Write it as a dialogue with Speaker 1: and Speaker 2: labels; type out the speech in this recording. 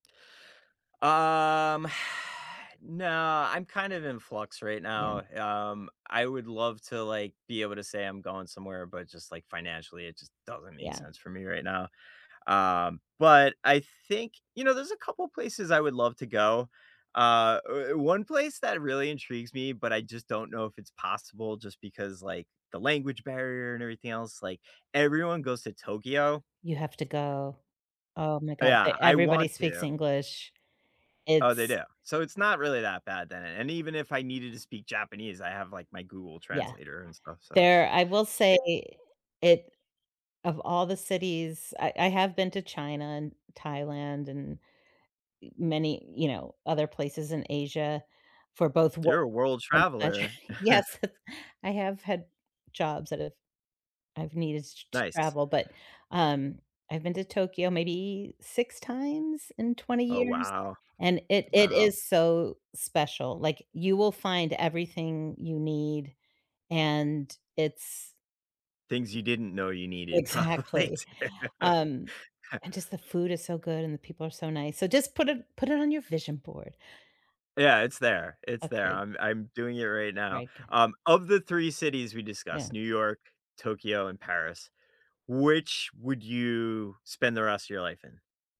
Speaker 1: Um, Nah, I'm kind of in flux right
Speaker 2: Yeah.
Speaker 1: now, um, I would love to, like, be able to say I'm going somewhere, but just, like, financially, it just doesn't make
Speaker 2: Yeah.
Speaker 1: sense for me right now. Um, but I think you know, there's a couple places I would love to go. Uh, er, 1 place that really intrigues me, but I just don't know if it's possible just because, like, the language barrier and everything else, like, everyone goes to Tokyo.
Speaker 2: You have to go. Oh my god. Th
Speaker 1: Yeah, I
Speaker 2: everybody
Speaker 1: want
Speaker 2: speaks
Speaker 1: to.
Speaker 2: English.
Speaker 1: Oh, they
Speaker 2: It's
Speaker 1: do. So, it's not really that bad then and even if I needed to speak Japanese, I have, like, my Google
Speaker 2: Yeah.
Speaker 1: translator and stuff. So,
Speaker 2: There I will say
Speaker 1: it
Speaker 2: it of all the cities I I have been to China and Thailand and, eh, many, you know, other places in Asia for both work
Speaker 1: You're a world
Speaker 2: and such.
Speaker 1: traveler.
Speaker 2: Yes. I have had jobs that have I've needed t to
Speaker 1: Nice.
Speaker 2: travel, but, um, I've been to Tokyo maybe 6 times in 20
Speaker 1: Oh,
Speaker 2: years,
Speaker 1: wow.
Speaker 2: and it it
Speaker 1: Wow.
Speaker 2: is so special, like, you will find everything you need, and it's
Speaker 1: Things you didn't know you needed probably
Speaker 2: Exactly.
Speaker 1: to
Speaker 2: Um, and just the food is so good and the people are so nice so, just put it put it on your vision board.
Speaker 1: Yeah, it's there, it's there
Speaker 2: Okay.
Speaker 1: I'm I'm doing it right now.
Speaker 2: Right, goo
Speaker 1: Um, of the 3 cities we discussed, New
Speaker 2: Yeah.
Speaker 1: York, Tokyo, and Paris, which would you spend the rest of your life in?